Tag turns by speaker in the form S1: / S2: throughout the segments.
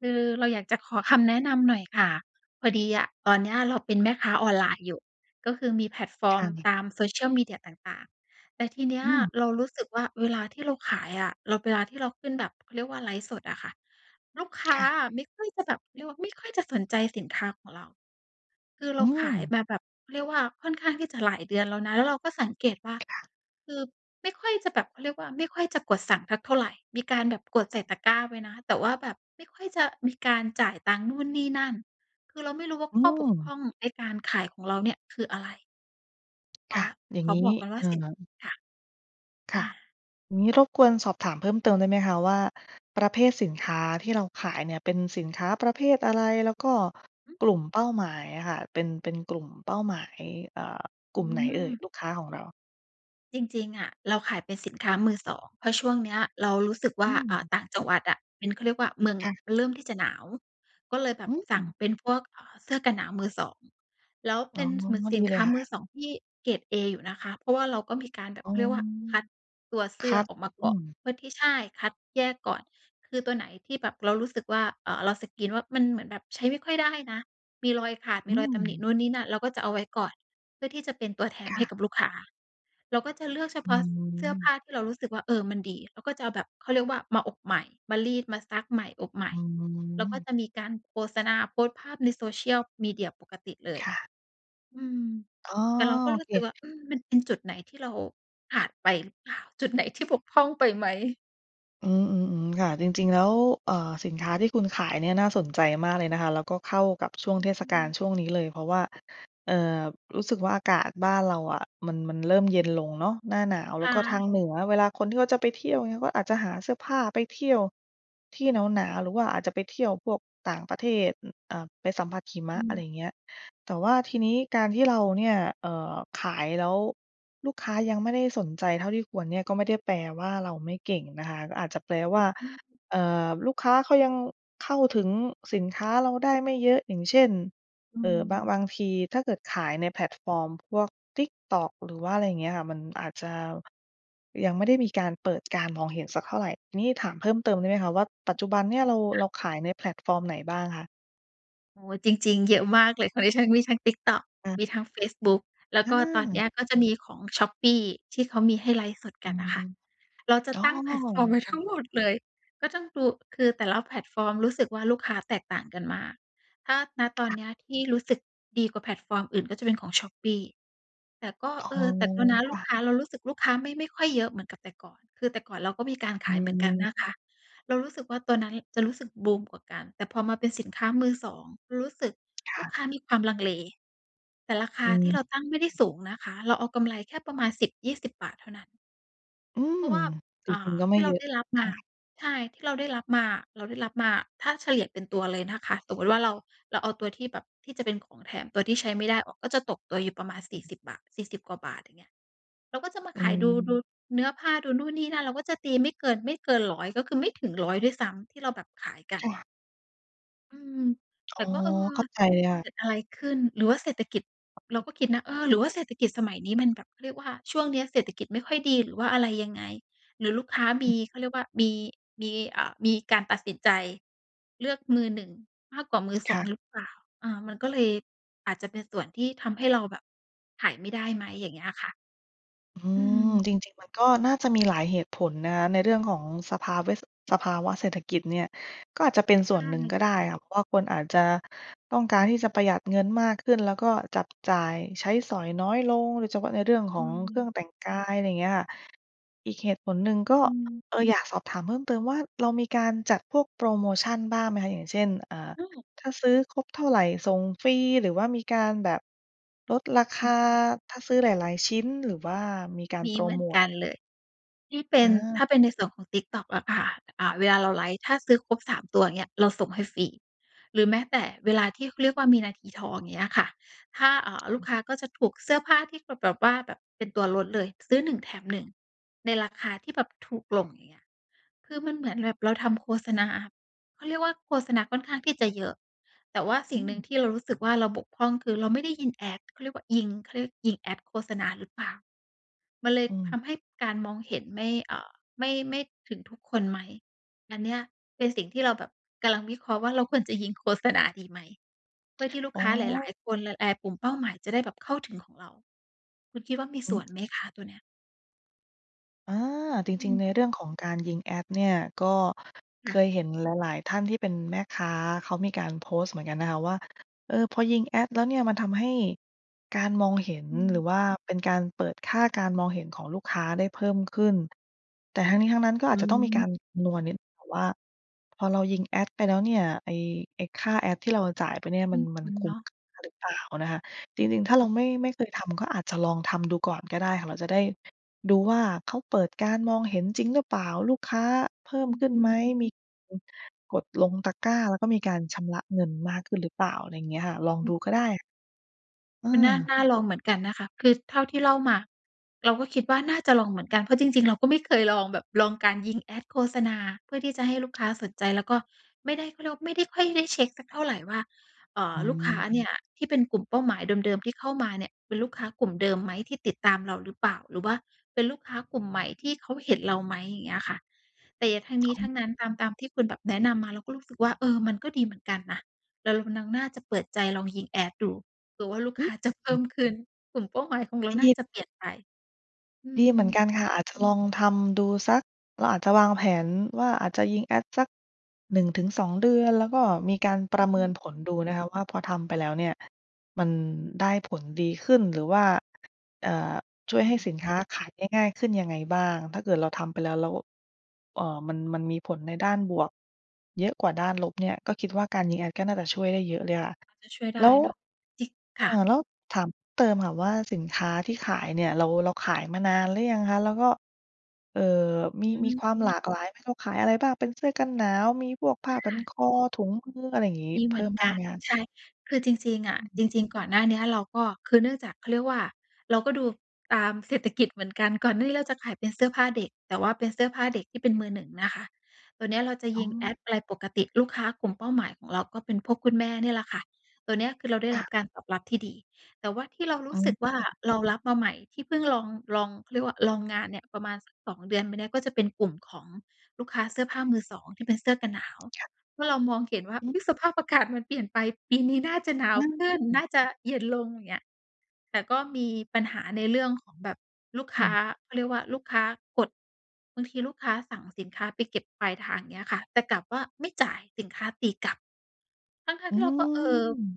S1: คือ เราอยากจะขอคำแนะนำหน่อยค่ะ พอดีอะตอนเนี้ย เราเป็นแม่ค้าออนไลน์อยู่ ก็คือมีแพลตฟอ
S2: ค
S1: ร์
S2: ่
S1: ม
S2: ะ
S1: ตาม Social Media ต่าง ๆ แต่ทีเนี้
S2: อ
S1: ย
S2: ืม
S1: เรารู้สึกว่า เวลาที่เราขายอะ เราเวลาที่เราขึ้นแบบเขาเรียกว่า ไลฟ์สดอะค่ะ ลูกค้
S2: ค
S1: า
S2: ่ะ
S1: อะไม่ค่อยจะแบบ เรียกว่าไม่ค่อยจะสนใจสินค้าของเรา คือ
S2: อ
S1: เร
S2: ื
S1: าขาย
S2: ม
S1: มาแบบเขาเรียกว่า ค่อนข้างที่จะหลายเดือนแล้วนะ แล้วเราก็สังเกตว่า
S2: ค่ะ
S1: คือไม่ค่อยจะแบบ เขาเรียกว่า ไม่ค่อยจะกดสั่งสักเท่าไร มีการแบบกดใส่ตะกร้าไว้นะ แต่ว่าแบบไม่ค่อยจะมีการจ่ายตังค์นู่นนี่นั่น คือเราไม่รู้ว่า
S2: อื
S1: ข้อบก
S2: ม
S1: พร่องในการขายของเราเนี่ย คืออะไร อ
S2: ค
S1: ๋อ
S2: ่ะ อย่า
S1: ข
S2: งง
S1: อ
S2: ี้
S1: บ
S2: น
S1: อ
S2: ี
S1: ก
S2: ่
S1: ก่อนว่
S2: อ
S1: า
S2: ่
S1: สิน
S2: า
S1: ค่ะ
S2: ค
S1: อ่า
S2: ่ะ อย่างงี้รบกวนสอบถามเพิ่มเติมได้ไหมคะว่า ประเภทสินค้าที่เราขายเนี่ย เป็นสินค้าประเภทอะไร? แล้วก็
S1: หือ
S2: กลุ่มเป้าหมายอะค่ะ เป็น เป็นกลุ่มเป้าหมาย อ่า ก
S1: อ๋
S2: ลุ่มไหนเอ่ย
S1: อ
S2: ลูกค้าของเรา?
S1: จริง ๆ อะเราขายเป็นสินค้ามือสอง เพราะช่วงเนี้ย เรารู้สึกว
S2: อ
S1: ่า
S2: ื
S1: อ่า
S2: ม
S1: ต่างจังหวัดอะ เป็นเขาเรียกว่าเมือง
S2: ค
S1: น่
S2: ่
S1: ะ
S2: ะ
S1: มันเริ่มที่จะหนาว ก็เลยแบ
S2: อ
S1: บ
S2: ื
S1: สั่ง
S2: ม
S1: เป็นพวก อ่า เสื้อกันหนาวมือสอง แล้ว
S2: อ
S1: เป
S2: ๋
S1: ็
S2: อ
S1: นเหมือนส
S2: ดี
S1: ิน
S2: เ
S1: ค
S2: ล
S1: ้
S2: ย
S1: า
S2: ค่
S1: มื
S2: ะ
S1: อสองที่เกรดเออยู่นะคะ เพราะว่าเราก็มีการแบบ
S2: อ๋
S1: เข
S2: อ
S1: าเรียกว่า คัดตัวเส
S2: ค
S1: ื้อ
S2: ัด
S1: ออกมา
S2: อ
S1: ก
S2: ื
S1: ่อน
S2: ม
S1: เพื่อที่ ใช่ คัดแยกก่อน คือตัวไหนที่แบบเรารู้สึกว่า อ่า เราสกรีนว่า มันเหมือนแบบใช้ไม่ค่อยได้นะ มีรอยขาด
S2: อ
S1: มี
S2: ื
S1: รอยตำหนิ
S2: ม
S1: นู่นนี่นั่น เราก็จะเอาไว้ก่อน เพื่อที่จะเป็นตัวแถม
S2: ค
S1: ใ
S2: ่
S1: ห
S2: ะ
S1: ้กับลูกค้า เราก็จะเลือกเฉ
S2: อ
S1: พ
S2: ื
S1: าะเสื้อผ
S2: ม
S1: ้าที่เรารู้สึกว่า เออ มันดี เราก็จะเอาแบบเขาเรียกว่า มาอบใหม่ มารีด มาซักใหม่ อบใหม่
S2: อื
S1: แล้วก็
S2: ม
S1: จะมีการโฆษณา โพสต์ภาพใน Social Media ปกติเลย
S2: ค่ะ
S1: อืม
S2: อ้อ
S1: แต่เราก็รู
S2: เ
S1: ้สึกว่า
S2: ค
S1: อืม มันเป็นจุดไหนที่เราขาดไปหรือเปล่า? จุดไหนที่บกพร่องไปไหม?
S2: อือ ๆ ๆ ค่ะ จริง ๆ แล้ว เอ่อ สินค้าที่คุณขายเนี่ย น่าสนใจมากเลยนะคะ แล้วก็เข้ากับช่วง
S1: อ
S2: เทศ
S1: ื
S2: กาล
S1: อ
S2: ช่วงนี้เลย เพราะว่า เอ่อ รู้สึกว่า อากาศบ้านเราอะ มัน มันเริ่มเย็นลงเนาะ หน้าหนาว
S1: ไ
S2: แ
S1: ด
S2: ล้วก็ทางเหน
S1: ้
S2: ือเวลาคนที่เขาจะไปเที่ยวเงี้ย ก็อาจจะหาเสื้อผ้าไปเที่ยว ที่หนาว ๆ หรือว่าอาจจะไปเที่ยวพวกต่างประเทศ อ อ่า ไปสัมผัสหิม
S1: อื
S2: ะ อะไร
S1: อ
S2: อย่างเงี้ย แต่ว่าทีนี้การที่เราเนี่ย เอ่อ ขายแล้ว ลูกค้ายังไม่ได้สนใจเท่าที่ควรเนี่ย ก็ไม่ได้แปลว่าเราไม่เก่งนะคะ ก็อาจจะแปลว่า
S1: อือ
S2: เอ่อ ลูกค้าเขายังเข้าถึงสินค้าเราได้ไม่เยอะ อย่างเช่น
S1: อื
S2: เอ่อ บาง
S1: อ
S2: บางทีถ้าเกิดขายในแพลตฟอร์มพวก Tiktok หรือว่าอะไรเงี้ยค่ะ มันอาจจะ ยังไม่ได้มีการเปิดการมองเห็นสักเท่าไร นี่ถามเพิ่มเติมได้ไหมคะว่า ปัจจุบันเนี่ยเรา เราขายในแพลตฟอร์มไหนบ้างคะ?
S1: โอ้โฮ จริง ๆ เยอะมากเลย ของดิฉันมีทั้ง Tiktok
S2: อ
S1: มี
S2: า
S1: ทั้งเฟซบุ๊ก แล้ว
S2: อ
S1: ก็ตอนเนี
S2: า
S1: ้ยก็จะมีของ Shopee ที่เขามีให้ไลฟ์สด
S2: อ
S1: กันน่ะค่ะ เราจะ
S2: ๋อ
S1: ตั้ง แพลตฟอร์มไว้
S2: ค่
S1: ท
S2: ะ
S1: ั้งหมดเลย ก็ต้องดู คือแต่ละแพลตฟอร์มรู้สึกว่า ลูกค้าแตกต่างกันมาก ถ้า ณ ตอ
S2: ค
S1: น
S2: ่ะ
S1: เนี้ย ที่รู้สึกดีกว่าแพลตฟอร์มอื่น ก็จะเป็นของ Shopee แต่ก็
S2: อ๋อ
S1: เออ แต่ก็นะ
S2: ค
S1: ลู
S2: ่
S1: ก
S2: ะ
S1: ค้า เรารู้สึกลูกค้าไม่ ไม่ค่อยเยอะเหมือนกับแต่ก่อน คือแต่ก่อนเราก็มีการขายเหมือนกันนะคะ เรารู้สึกว่า ตัวนั้นจะรู้สึกบูมกว่ากัน แต่พอมาเป็นสินค้ามือสอง รู้สึก
S2: ค
S1: ลู
S2: ่
S1: ก
S2: ะ
S1: ค้ามีความลังเล แต่ราค
S2: อ
S1: า
S2: ื
S1: ที่เรา
S2: ม
S1: ตั้งไม่ได้สูงนะคะ เราเอากำไรแค่ประมาณ ฿10-20 เท่านั้น
S2: อื
S1: เพ
S2: ม
S1: ราะว่า
S2: จ
S1: อ่
S2: ริ
S1: า
S2: ง ๆ ก็ไ
S1: ท
S2: ม่
S1: ี่เร
S2: เ
S1: า
S2: ยอะ
S1: ได้รับ
S2: เท
S1: ม
S2: ่า
S1: า
S2: ไร
S1: ใช่ ที่เราได้รับมาอะ เราได้รับมา ถ้าเฉลี่ยเป็นตัวเลยนะคะ สมมติว่าเรา เราเอาตัวที่แบบ ที่จะเป็นของแถมตัวที่ใช้ไม่ได้ออก ก็จะตกตัวอยู่ประมาณ ฿40 40 กว่าบาท อย่างเงี้ย เราก็จะมา
S2: อื
S1: ขายดู ด
S2: อ
S1: ูเนื้อผ้าดูนู่นนี่นั่น เราก็จะตีไม่เกิน ไม่เกิน 100 ก็คือไม่ถึง 100 ด้วยซ้ำ ที่เราแบบขายกัน
S2: ค่
S1: อะ
S2: ะ
S1: อืม แ
S2: อ๋
S1: ต่
S2: อ
S1: ก็ เออ
S2: เข้าใจเลยค่
S1: เ
S2: ะ
S1: กิดอะไรขึ้น หรือว่าเศรษฐกิจ เราก็คิดนะ เออ หรือว่าเศรษฐกิจสมัยนี้มันแบบ เขาเรียกว่า ช่วงเนี้ยเศรษฐกิจไม่ค่อยดี หรือว่าอะไรยังไง หรือลูกค้าม
S2: อือ
S1: ี เขาเรียกว่า มี มี อ่า มีการตัดสินใจเลือกมือ 1 มากกว่ามือ
S2: ค
S1: สอ
S2: ่
S1: ง
S2: ะ
S1: หรือเปล่า? อ่า มันก็เลยอาจจะเป็นส่วนที่ทำให้เราแบบขายไม่ได้ไหม? อย่างเงี้ยค่ะ
S2: อื
S1: อื
S2: ม
S1: ม
S2: จริง ๆ มันก็น่าจะมีหลายเหตุผลนะคะ ในเรื่องของสภาเวะ สภาวะเศรษฐกิจเนี่ย ก็อาจจะเป็นส
S1: ใ
S2: ่
S1: ช
S2: วนหนึ่งก
S1: ่
S2: ็ได้ค่ะ เพราะว่าคนอาจจะต้องการที่จะประหยัดเงินมากขึ้น แล้วก็จับจ่ายใช้สอยน้อยลง โดยเฉพาะในเรื่องขอ
S1: อื
S2: งเครื่อ
S1: ม
S2: งแต่งกาย อะไรอย่างเงี้ยค่ะ อีกเหตุผลหนึ่งก็
S1: อืม
S2: เออ อยากสอบถามเพิ่มเติมว่า เรามีการจัดพวกโพรโมชันบ้างไหมคะ? อย่างเช่น อ่า
S1: โอ้
S2: ถ้าซื้อครบเท่าไรส่งฟรี หรือว่ามีการแบบลดราค
S1: อื
S2: า
S1: ม
S2: ถ้าซื้อหลาย ๆ ชิ้น หรือว่ามีการ
S1: มี
S2: โพร
S1: เหมื
S2: โ
S1: อ
S2: ม
S1: น
S2: ต
S1: กั
S2: อะไ
S1: น
S2: รเง
S1: เ
S2: ี
S1: ล
S2: ้ย
S1: ย ที่เป็
S2: อ
S1: น ถ
S2: า
S1: ้าเป็นในส่วนของ TikTok อะค่ะ อ่า เวลาเราไลฟ์ ถ้าซื้อครบ 3 ตัว อย่างเงี้ย เราส่งให้ฟรี หรือแม้แต่เวลาที่ เขาเรียกว่า มีนาทีทอง อย่างเงี้ยค่ะ ถ้า อ่า ลูก
S2: อือ
S1: ค้าก็จะถูกเสื้อผ้าที่เขาแบบว่า แบบเป็นตัวลดเลย ซื้อ 1 แถม 1 ในราคาที่แบบถูกลง อย่างเงี้ย คือมันเหมือนแบบเราทำโฆษณา เขาเรียกว่า โฆษณาค่อนข้างที่จะเยอะ แต่ว่าส
S2: อ
S1: ิ่
S2: ื
S1: งหนึ่ง
S2: ม
S1: ที่เรารู้สึกว่า เราบกพร่อง คือ เราไม่ได้ยิง Ads เขาเรียกว่ายิง เขาเรียกยิง Ads โฆษณาหรือเปล่า มันเลย
S2: อ
S1: ท
S2: ืม
S1: ำให้การมองเห็นไม่ เอ่อ ไม่ ไม่ถึงทุกคนไหม? อันเนี้ยเป็นสิ่งที่เราแบบกำลังวิเคราะห์ว่า เราควรจะยิงโฆษณาดีไหม? เพื่อที่ลูก
S2: อ๋
S1: ค้าหล
S2: อ!
S1: าย ๆ คน ล เอ่อ กลุ่มเป้าหมายจะได้แบบเข้าถึงของเรา คุณคิดว่ามี
S2: อ
S1: ส
S2: ื
S1: ่ว
S2: ม
S1: นไหมคะตัวเนี้ย?
S2: อา
S1: อ
S2: จริง
S1: ื
S2: ๆ ใ
S1: ม
S2: นเรื่องของการยิงแอดเนี่ย ก็เค
S1: ค่ะ
S2: ยเห็นหลาย ๆ ท่านที่เป็นแม่ค้า เขามีการโพสต์เหมือนกันนะคะว่า เออ พอยิงแอดแล้วเนี่ย มันทำให้การมองเห็น
S1: อื
S2: หรือ
S1: ม
S2: ว่าเป็นการเปิดค่าการมองเห็นของลูกค้าได้เพิ่มขึ้น แต่ทั้งนี้ทั้งนั้น ก็
S1: อ
S2: อาจ
S1: ื
S2: จะต้องมีกา
S1: ม
S2: รคำนวณนิดหนึ่งค่ะว่า พอเรายิงแอดไปแล้วเนี่ย ไอ้ ไอ้ค่าแอดที่ เราจ่ายไปเนี่ย
S1: ค
S2: มัน มัน
S1: ุ้น
S2: ค
S1: ๆ
S2: ุ้
S1: เน
S2: ม
S1: าะ
S2: ค่าหรือเปล่านะคะ จริง ๆ ถ้าเราไม่ ไม่เคยทำ ก็อาจจะลองทำดูก่อนก็ได้ค่ะ เราจะได้ดูว่า เขาเปิดการมองเห็นจริงหรือเปล่า? ลูกค้าเพิ่
S1: อ
S2: มขึ้น
S1: อื
S2: ไหม?
S1: ม
S2: มี กดลงตะกร้า แล้วก็มีการชำระเงินมากขึ้นหรือเปล่า? อะไรอย่างเงี้ยค่ะ ลองดูก็ได้ อื
S1: คุณน่า
S2: ม
S1: น่าลองเหมือนกันนะคะ คือเท่าที่เล่ามา เราก็คิดว่าน่าจะลองเหมือนกัน เพราะจริง ๆ เราก็ไม่เคยลองแบบ ลองการยิงแอดโฆษณา เพื่อที่จะให้ลูกค้าสนใจ แล้วก็ไม่ได้ เค้าเรียกว่าไร ไม่ได้ค่อยได้เช็กสักเท่าไรว่า อ่
S2: อ
S1: า
S2: ื
S1: ลูกค้า
S2: ม
S1: เนี่ยที่เป็นกลุ่มเป้าหมายเดิม ๆ ที่เข้ามาเนี่ย เป็นลูกค้ากลุ่มเดิมไหม? ที่ติดตามเราหรือเปล่า? หรือว่าเป็นลูกค้ากลุ่มใหม่ที่เขาเห็นเราไหม? อย่างเงี้ยค่ะ แต่อย่างทั้งนี้ทั้งนั้นตาม ตามที่คุณแบบแนะนำมา เราก็รู้สึกว่า เออ มันก็ดีเหมือนกันนะ เรากำลังน่าจะเปิดใจลองยิงแอดดู ดูว่าลูก
S2: อื
S1: ค้
S2: อ
S1: าจะเพ
S2: อื
S1: ิ่
S2: อ
S1: มขึ้น กลุ่มเป้าหมายของเราน่าจะเปลี่ยนไป อื
S2: ดีเหมือน
S1: ม
S2: กันค่ะ อาจจะลองทำดูสัก เราอาจจะวางแผนว่า อาจจะยิงแอดสัก 1-2 เดือน แล้วก็มีการปร
S1: อ
S2: ะเมิ
S1: ื
S2: น
S1: ม
S2: ผลดูนะคะว่า พอทำไปแล้วเนี่ย มันได้ผลดีขึ้น หรือว่า อ่า ช่วย
S1: อื
S2: ให้
S1: ม
S2: สินค้าขายได้ง่ายขึ้นยังไงบ้าง? ถ้าเกิดเราทำไปแล้ว แล้ว อ่า มัน มันมีผลในด้านบวกเยอะกว่าด้านลบเนี่ย ก็คิดว่าการยิงแอดก็น่าจะช่วยได้เยอะเลยค่ะ
S1: พอจะช่วยไ
S2: แ
S1: ด
S2: ล้
S1: ้
S2: ว
S1: เนาะ จริง
S2: อ
S1: ค
S2: ่า
S1: ่ะ
S2: แล้วถามเพิ่มเติมค่ะว่า สินค้าที่ขายเนี่ย เรา เราขายมานานหรือยังคะ? แล้วก็ เอ่อ ม
S1: อื
S2: ี มีค
S1: ม
S2: วามหลากหลายไหม? เขาขายอะไรบ้าง? เป็นเสื้อกันหนาว มีพวกผ้
S1: อ
S2: าพัน
S1: า
S2: คอ ถุงมือ อะไรอย่างงี้
S1: มี
S2: เพ
S1: เหม
S2: ิ
S1: ื
S2: ่
S1: อ
S2: ม
S1: น
S2: บ
S1: ก
S2: ้าง
S1: ั
S2: ไ
S1: น
S2: หมคะ?
S1: ใช่ คือจริง ๆ อ
S2: อ
S1: ะ
S2: ื
S1: จ
S2: ม
S1: ริง ๆ ก่อนหน้าเนี้ยเราก็ คือเนื่องจากเขาเรียกว่า เราก็ดูตามเศรษฐกิจเหมือนกัน ก่อนหน้านี้เราจะขายเป็นเสื้อผ้าเด็ก แต่ว่าเป็นเสื้อผ้าเด็กที่เป็นมือ 1 นะคะ ตัวเนี้ยเราจะ
S2: อ
S1: ย
S2: ๋
S1: ิงแ
S2: อ
S1: อดอะไรปกติ ลูกค้ากลุ่มเป้าหมายของเรา ก็เป็นพวกคุณแม่เนี่ยล่ะค่ะ ตัวเนี้ยคือเราได้
S2: ค
S1: ร
S2: ่ะ
S1: ับการตอบรับที่ดี แต่ว่าที่เราร
S2: อ
S1: ู
S2: ๋
S1: ้สึกว่า
S2: อ
S1: เรารับมาใหม่ที่เพิ่งลอง ลอง เขาเรียกว่า ลองงานเนี่ย ประมาณสัก 2 เดือนไปเนี่ย ก็จะเป็นกลุ่มของลูกค้าเสื้อผ้ามือ 2 ที่เป็นเสื้อกันหนาว
S2: ค่ะ
S1: เมื่อเรามองเห็นว่า
S2: อืม
S1: อุ๊ย สภาพอากาศมันเปลี่ยนไป ปีนี้น่าจะหนา
S2: อา
S1: วขึ้น
S2: อื
S1: น่
S2: ม
S1: าจะเย็นลง อย่างเงี้ย แต่ก็มีปัญหาในเรื่องของแบบลูก
S2: อ
S1: ค
S2: ื
S1: ้า
S2: ม
S1: เขาเรียกว่าลูกค้ากด บางทีลูกค้าสั่งสินค้าไปเก็บปลายทาง อย่างเงี้ยค่ะ แต่กลับว่าไม่จ่าย สินค้าตีกลับ ทั้
S2: อ
S1: ง ๆ
S2: ื
S1: ที่เราก็ เออ
S2: ม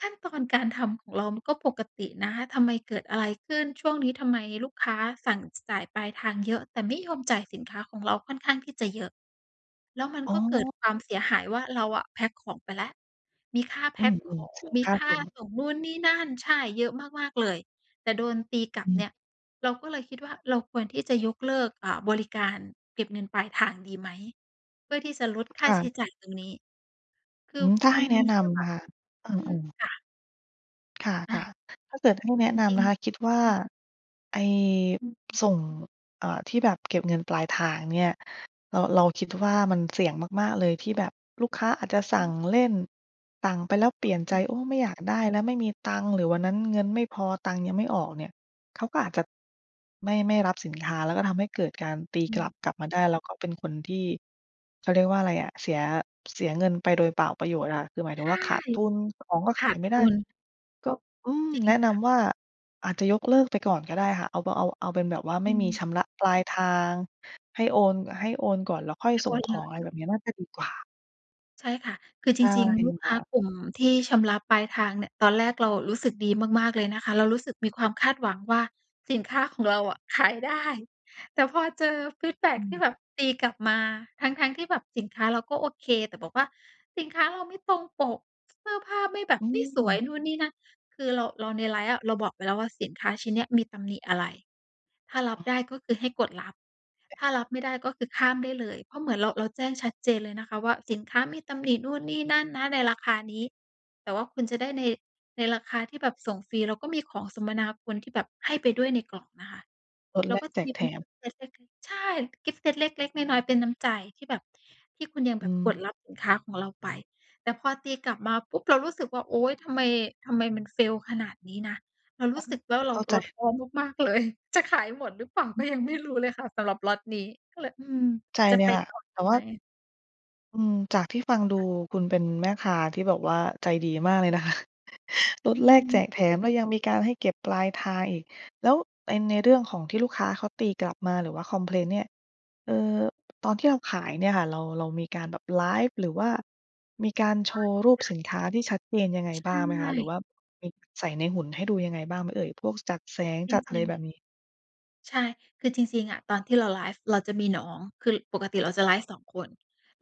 S1: ขั้นตอนการทำของเรามันก็ปกตินะ ทำไมเกิดอะไรขึ้น? ช่วงนี้ทำไมลูกค้าสั่ง จ จ่ายปลายทางเยอะ แต่ไม่ยอมจ่ายสินค้าของเราค่อนข้างที่จะเยอะ แล้วมัน
S2: อ๋
S1: ก็เกิด
S2: อ
S1: ความเสียหายว่า เราอะแพ็กของไปแล้ว มีค่าแ
S2: อ
S1: พ
S2: ื
S1: ็กข
S2: อ
S1: อ
S2: ๆ
S1: ง
S2: เสีย
S1: มี
S2: ค่า
S1: ค่
S2: ส
S1: า
S2: ่ง
S1: ส่งนู่นนี่นั่น ใช่ เยอะมาก ๆ เลย แต่โดนตีกลั
S2: อ
S1: บ
S2: ื
S1: เ
S2: ม
S1: นี่ย เราก็เลยคิดว่า เราควรที่จะยกเลิก อ่า บริการเก็บเงินปลายทางดีไหม? เพื่อที่จะลดค่
S2: ค
S1: า
S2: ่
S1: ใช
S2: ะ
S1: ้จ่ายตรงนี้ ค
S2: อ
S1: ื
S2: ื
S1: อ
S2: ม ถ้า
S1: ม
S2: ให
S1: ั
S2: ้
S1: น
S2: แนะ
S1: มี
S2: น
S1: เรื่องแ
S2: ำ
S1: บ
S2: นะ
S1: บ
S2: คะ เอ
S1: อืม
S2: อ ๆ
S1: ค่ะ
S2: ค่ะ
S1: อ
S2: ค่
S1: ะ
S2: ะ ถ้าเกิดให้แนะ
S1: จ
S2: น
S1: ร
S2: ำ
S1: ิ
S2: น
S1: ง
S2: ะค
S1: ๆ
S2: ะ คิดว่า ไอ้ ส่ง เอ่อ ที่แบบเก็บเงินปลายทางเนี่ย เรา เราคิดว่ามันเสี่ยงมาก ๆ เลยที่แบบลูกค้าอาจจะส
S1: อ
S2: ั
S1: ื
S2: ่ง
S1: ม
S2: เล่น สั่งไปแล้วเปลี่ยนใ
S1: อ
S2: จ
S1: ืม
S2: โอ๊ย ไม่อยากได้แล้ว ไม่มีตังค์ หรือวันนั้นเงินไม่พอ ตังค์ยังไม่ออกเนี่ย เขาก็อาจจะ ไม่ ไม่รับสินค้า แล้วก็ทำให้เกิดการตี
S1: อ
S2: ก
S1: ื
S2: ลับ
S1: ม
S2: กลับมาได้ แล้วก็เป็นคนที่ เขาเรียกว่าอะไรอะ เสีย เสียเงินไปโดยเปล่าประโยชน์อะ คือหมายถึ
S1: ใช
S2: ง
S1: ่
S2: ว่า ขาดทุน ของก็
S1: ข
S2: ขา
S1: า
S2: ย
S1: ด
S2: ไม่
S1: ท
S2: ได้
S1: ุน
S2: ก็ อืม
S1: จริ
S2: แ
S1: ง
S2: นะ
S1: ค
S2: น
S1: ่ะ
S2: ำว่า อาจจะยกเลิกไปก่อนก็ได้ค่ะ เอา บ เอา เอาเป็นแบบว่า
S1: อ
S2: ไม
S1: ื
S2: ่มี
S1: ม
S2: ชำระปลายทาง ให้โอน ให้โอนก่อน แล้วค่อย
S1: ไม่
S2: ส
S1: โอ
S2: ่ง
S1: น
S2: ข
S1: เล
S2: อง อ
S1: ย
S2: ะไร
S1: เน
S2: แ
S1: า
S2: บ
S1: ะ
S2: บเนี้ย น่าจะดีกว่า
S1: ใช่ค่ะ คือ
S2: ใ
S1: จ
S2: ช่
S1: ริง ๆ ลูก
S2: ค
S1: ค
S2: ่
S1: ้า
S2: ะ
S1: กลุ่มที่ชำระปลายทางเนี่ย ตอนแรกเรารู้สึกดีมาก ๆ เลยนะคะ เรารู้สึกมีความคาดหวังว่า สินค้าของเราอะขายได้ แต่พอเจอฟีดแบ็
S2: อ
S1: ก
S2: ื
S1: ที่
S2: ม
S1: แบบตีกลับมา ทั้ง ๆ ที่แบบสินค้าเราก็โอเค แต่บอกว่า "สินค้าเราไม่ตรงปก เสื้อผ้าไม่แบ
S2: อ
S1: บ
S2: ื
S1: ไม่สว
S2: ม
S1: ย นู่นนี่นั่น" คือเรา เราในไลฟ์อะ เราบอกไปแล้ว ว่าสินค้าชิ้นเนี้ยมีตำหนิอะไร ถ้ารั
S2: อ
S1: บ
S2: ้
S1: ไ
S2: อ
S1: ด้ก็คือให้กดรับ ถ้ารับไม่ได้ก็คือข้ามได้เลย เพราะเหมือนเรา เราแจ้งชัดเจนเลยนะคะว่า สินค้ามีตำหนิ นู่นนี่นั่นนะ ในราคานี้ แต่ว่าคุณจะได้ใน ในราคาที่แบบส่งฟรี แล้วก็มีของสมนาคุณที่แบบให้ไปด้วยในกล่องนะคะ
S2: ลด
S1: แล้
S2: แล
S1: วก็
S2: ก
S1: จ
S2: แจ
S1: ะม
S2: ก
S1: ีเ
S2: แ
S1: ป
S2: ถ
S1: ็น
S2: ม
S1: ใช่ กิฟต์เซตเล็ก ๆ น้อย ๆ เป็นน้ำใจที่แบบที่คุณยัง
S2: อ
S1: แ
S2: ื
S1: บบกด
S2: ม
S1: รับสินค้าของเราไป แต่พอตีกลับมาปุ๊บ เรารู้สึกว่า โอ๊ย ทำไม ทำไมมัน Fail ขนาดนี้นะ เรารู้สึก แล้วเร
S2: เ
S1: า
S2: ข้า
S1: เ
S2: ใ
S1: ร
S2: จ
S1: าท้อมาก ๆ เลย จะขายหมดหรือเปล่า
S2: อ
S1: ก
S2: ื
S1: ็
S2: ม
S1: ยังไม่รู้เลยค่ะ สำหรับล็อตนี้ ก็เลย อืม
S2: ใจ
S1: จะ
S2: เล
S1: ไ
S2: ย
S1: ป
S2: ค่ะ
S1: ต่อ
S2: แต
S1: ด
S2: ่
S1: ี
S2: ว
S1: ไ
S2: ่
S1: หม?
S2: า อืม จากที่ฟังดู
S1: ค่ะ
S2: คุณเป็นแม่ค้าที่แบบว่าใจดีมากเลยนะคะ ลด
S1: อื
S2: แลกแจ
S1: ม
S2: กแถมแล้วยังมีการให้เก็บปลายทางอีก แล้วไปในเรื่องของที่ลูกค้าเขาตีกลับมา หรือว่าคอมเพลนเนี่ย เอ่อ ตอนที่เราขายเนี่ยค่ะ เรา เรามีการแบบไลฟ์ หรือว่ามีการโชว์รูปสินค้าที่ชัดเจนยังไง
S1: ใช
S2: บ้างไหมคะ? หรือ
S1: ่
S2: ว่าไปใส่ในหุ่นให้ดูยังไงบ้างไหมเอ่ย? พวกจัดแสง
S1: จ
S2: จัดอะ
S1: ร
S2: ไร
S1: ิง
S2: แบ
S1: ๆ
S2: บนี้
S1: ใช่ คือจริง ๆ อะ ตอนที่เราไลฟ์ เราจะมีน้อง คือปกติเราจะไลฟ์ 2 คน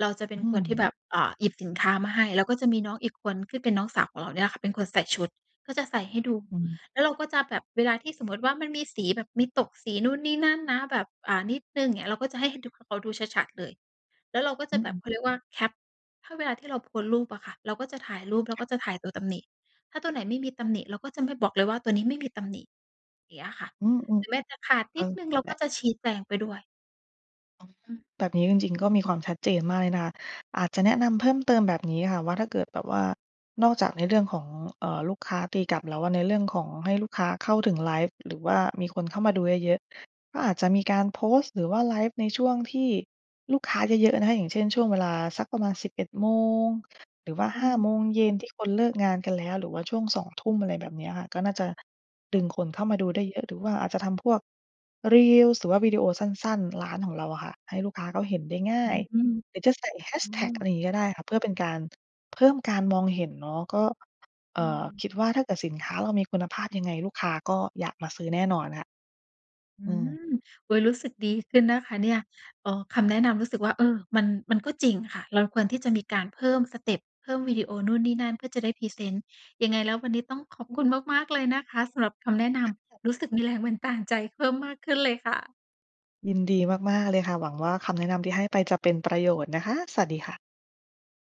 S1: เราจะเป็
S2: อ
S1: น
S2: ื
S1: คนที่แบ
S2: ม
S1: บ อ่า หยิบสินค้ามาให้ แล้วก็จะมีน้องอีกคนที่เป็นน้องสาวของเราเนี่ยค่ะ เป็นคนใส่ชุด ก็จะใส่ให้ดู
S2: อืม
S1: แล้วเราก็จะแบบเวลาที่สมมติว่า มันมีสีแบบมีตกสีนู่นนี่นั่นนะ แบบ อ่า นิดหนึ่งเงี้ย เราก็จะให้เขาดู เขาดูชัด ๆ เลย แล้วเราก็จ
S2: อ
S1: ะ
S2: ื
S1: แบบ
S2: ม
S1: เขาเรียกว่า แคป ถ้าเวลาที่เราโพสต์รูปอะค่ะ เราก็จะถ่ายรูป เรา
S2: ค่
S1: ก
S2: ะ
S1: ็จะถ่ายตัวตำหนิ ถ้าตัวไหนไม่มีตำหนิ เราก็จะไม่บอกเลยว่าตัวนี้ไม่มีตำหนิ เงี้ยค่ะ
S2: อืม
S1: ถึงแม้จะขาด
S2: ๆ เอ
S1: นิ
S2: อ
S1: ดหนึ่งเรา
S2: แหล
S1: ก
S2: ะ
S1: ็จะชี้แจงไปด้วย
S2: อ้อ
S1: อืม
S2: แบบนี้จริง ๆ ก็มีความชัดเจนมากเลยนะคะ อาจจะแนะนำเพิ่มเติมแบบนี้ค่ะ ว่าถ้าเกิดแบบว่า นอกจากในเรื่องของ เออ ลูกค้าตีกลับแล้วอะ ในเรื่องของให้ลูกค้าเข้าถึงไลฟ์ หรือว่ามีคนเข้ามาดูเยอะ ๆ ก็อาจจะมีการโพสต์ หรือว่าไลฟ์ในช่วงที่ลูกค้าเยอะ ๆ นะคะ อย่างเช่น ช่วงเวลาสักประมาณ 11 โมง หรือว่า
S1: อ
S2: 5
S1: ืม
S2: โมงเย็นที่คนเลิกงานกันแล้ว หรือว่าช่วง 2 ทุ่ม อะไรแบบเนี้ยค่ะ ก็น่าจะด
S1: ค
S2: ึ
S1: ่ะ
S2: งคนเข้ามาดูได้เยอะ หรือว่าอาจจะทำพวก Reels หรือว่าวิดีโอสั้น ๆ ร้านของเราอะค่ะ ให้ลูกค้าก็เห็นได้ง่
S1: อื
S2: าย
S1: อ
S2: หรื
S1: อ
S2: อจะใส่แฮช
S1: ื
S2: แท็ก อะ
S1: ม
S2: ไรอย่างงี้ก็ได้ค่ะ เพื่อเป็นการเพิ่มการมองเห็นเนาะ ก็ อ
S1: อื
S2: ่า
S1: ม
S2: คิดว่าถ้าเกิดสินค้าเรามีคุณภาพยังไงลูกค้าก็อยากมาซื้อแน่นอนค่ะ
S1: อื
S2: อืม
S1: ม โอ๊ย รู้สึกดีขึ้นนะคะเนี่ย เออ คำแนะนำรู้สึกว่า เออ มัน มันก็จริงค่ะ เราควรที่จะมีการเพิ่มสเต็ป เพิ่มวิดีโอนู่นนี่นั่น เพื่อจะได้พรีเซนต์ ยังไงแล้ววันนี้ต้องขอบคุณมาก ๆ เลยนะคะ สำหรับคำแนะนำ รู้สึก มีแรงบันดาลใจ เพิ่มมากขึ้นเลยค่ะ
S2: ยินดีมาก ๆ เลยค่ะ หวังว่าคำแนะนำที่ให้ไปจะเป็นประโยชน์นะคะ สวัสดีค่ะ